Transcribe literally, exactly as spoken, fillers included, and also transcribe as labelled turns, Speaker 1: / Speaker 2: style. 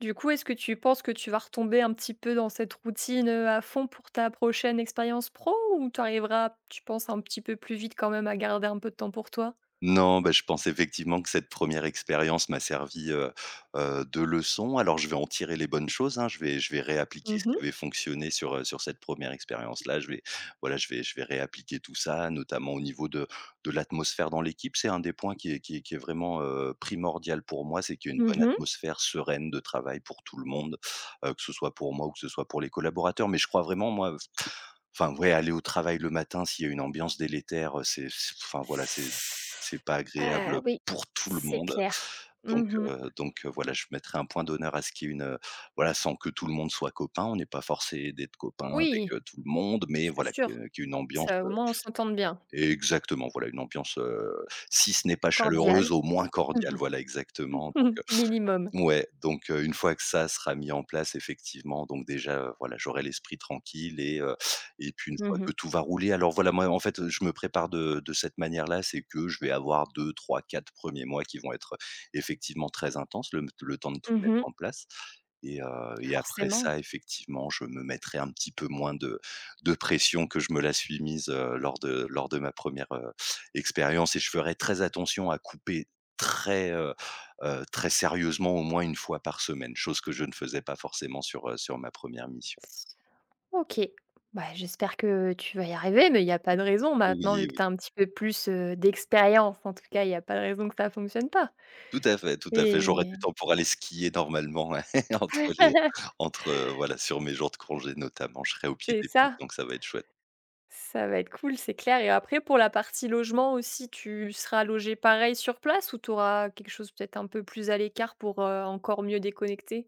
Speaker 1: Du coup, est-ce que tu penses que tu vas retomber un petit peu dans cette routine, heu, à fond pour ta prochaine expérience pro? Ou tu arriveras, tu penses un petit peu plus vite quand même à garder un peu de temps pour toi?
Speaker 2: Non, bah je pense effectivement que cette première expérience m'a servi, heu heu, de leçon. Alors je vais en tirer les bonnes choses hein, je vais je vais réappliquer
Speaker 1: Mmh
Speaker 2: ce
Speaker 1: mh.
Speaker 2: qui avait fonctionné sur, heu, sur cette première expérience-là. Je vais voilà, je vais je vais réappliquer tout ça, notamment au niveau de de l'atmosphère dans l'équipe. C'est un des points qui est qui est qui est vraiment, heu, primordial pour moi, c'est qu'il y ait une
Speaker 1: Mmh
Speaker 2: bonne
Speaker 1: mh.
Speaker 2: atmosphère sereine de travail pour tout le monde, heu, que ce soit pour moi ou que ce soit pour les collaborateurs. Mais je crois vraiment, moi enfin, ouais, aller au travail le matin, s'il y a une ambiance délétère, heu, c'est enfin voilà, c'est c'est pas agréable,
Speaker 1: Ah
Speaker 2: heu,
Speaker 1: oui,
Speaker 2: pour tout le
Speaker 1: c'est
Speaker 2: monde.
Speaker 1: clair,
Speaker 2: Donc,
Speaker 1: mmh mh.
Speaker 2: heu donc, heu, voilà je mettrai un point d'honneur à ce qu'il y ait une voilà sans que tout le monde soit copain on est pas forcé d'être copain avec,
Speaker 1: Oui.
Speaker 2: heu, tout le monde mais
Speaker 1: c'est
Speaker 2: voilà que
Speaker 1: sûr,
Speaker 2: qu'il y ait une ambiance,
Speaker 1: ça au
Speaker 2: heu
Speaker 1: moins on s'entende bien.
Speaker 2: et exactement voilà une ambiance, heu, si ce n'est pas
Speaker 1: Cordial.
Speaker 2: chaleureuse au moins
Speaker 1: Mmh
Speaker 2: cordiale, voilà exactement
Speaker 1: mh.
Speaker 2: donc, heu
Speaker 1: Minimum.
Speaker 2: ouais donc une fois que ça sera mis en place effectivement donc déjà, heu, voilà j'aurai l'esprit tranquille et heu et puis une
Speaker 1: Mmh
Speaker 2: fois
Speaker 1: mh.
Speaker 2: que tout va rouler alors voilà moi en fait je me prépare de de cette manière-là, c'est que je vais avoir deux-trois-quatre premiers mois qui vont être, heu, effectivement très intenses, le le temps de tout
Speaker 1: Mmh
Speaker 2: mettre
Speaker 1: mh.
Speaker 2: en place et heu et après
Speaker 1: Forcément.
Speaker 2: ça, effectivement je me mettrai un petit peu moins de de pression que je me la suis mise, heu, lors de lors de ma première, heu, expérience et je ferai très attention à couper très, heu, très sérieusement au moins une fois par semaine, chose que je ne faisais pas forcément sur, heu, sur ma première mission.
Speaker 1: OK, bah j'espère que tu vas y arriver, mais il y a pas de raison maintenant, vu
Speaker 2: Oui,
Speaker 1: que
Speaker 2: oui.
Speaker 1: tu as un petit peu plus, heu, d'expérience, en tout cas, il y a pas de raison que ça fonctionne pas
Speaker 2: Tout à fait, tout à fait, j'aurai
Speaker 1: et
Speaker 2: du temps pour aller skier normalement entre les entre voilà sur mes jours de congés notamment, je serai au pied
Speaker 1: C'est
Speaker 2: des poutres
Speaker 1: ça.
Speaker 2: donc ça va être chouette.
Speaker 1: Ça va être cool, c'est clair et après, pour la partie logement aussi, tu seras logé pareil sur place ou tu auras quelque chose peut être un peu plus à l'écart pour, heu, encore mieux déconnecter?